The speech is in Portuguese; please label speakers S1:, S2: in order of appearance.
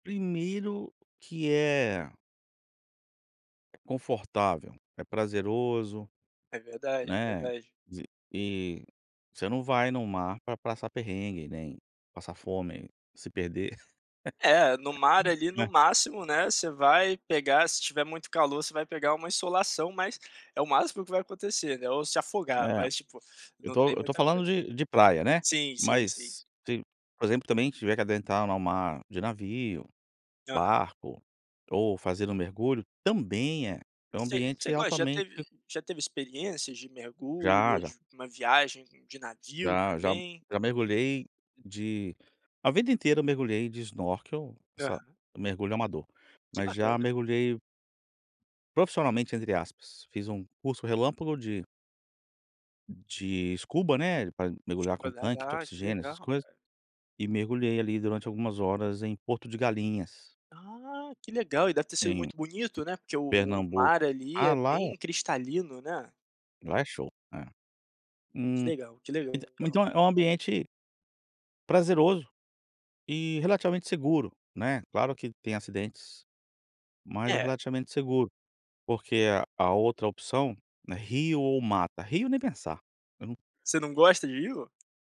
S1: Primeiro que é é confortável, é prazeroso,
S2: É verdade,
S1: né,
S2: verdade.
S1: z e você não vai no mar pra passar perrengue, nem passar fome, se perder.
S2: É, no mar, ali, no máximo, né, você vai pegar, se tiver muito calor, você vai pegar uma insolação, mas é o máximo que vai acontecer, né, ou se afogar,
S1: É.
S2: mas tipo,
S1: Eu
S2: não
S1: tô
S2: tem
S1: eu tô
S2: muita
S1: falando
S2: coisa.
S1: de de praia, né.
S2: Sim, sim, sim.
S1: Mas se, por exemplo, também tiver que adentrar ao mar de navio,
S2: Aham.
S1: barco, ou fazer um mergulho, também é é um
S2: Você
S1: ambiente
S2: você gosta já
S1: altamente
S2: teve já teve experiências de mergulho
S1: Já,
S2: ou
S1: já.
S2: de uma viagem com de navio
S1: Já, já m
S2: também?
S1: já mergulhei de a vida inteira eu mergulhei de snorkel, sá
S2: Aham.
S1: mergulho amador.
S2: Que
S1: Mas já
S2: bacana.
S1: mergulhei profissionalmente, entre aspas, fiz um curso relâmpago de de escuba, né, pra mergulhar com
S2: Pra
S1: tanque de
S2: nadar, que
S1: oxigênio, essas
S2: legal.
S1: coisas. E mergulhei, ali, durante algumas horas em Porto de Galinhas.
S2: Ah, que legal. E deve ter sido
S1: Em
S2: muito bonito, né, porque o o mar
S1: Pernambuco.
S2: ali,
S1: Ah,
S2: é
S1: lá é
S2: bem cristalino, né.
S1: lá é show, é.
S2: Que
S1: Hum,
S2: legal, que legal.
S1: entã então é é um ambiente prazeroso e relativamente seguro, né. Claro que tem acidentes, mas é
S2: É.
S1: relativamente seguro, porque a a outra opção, né, rio ou mata, rio nem pensar. Eu num
S2: Você não gosta de rio?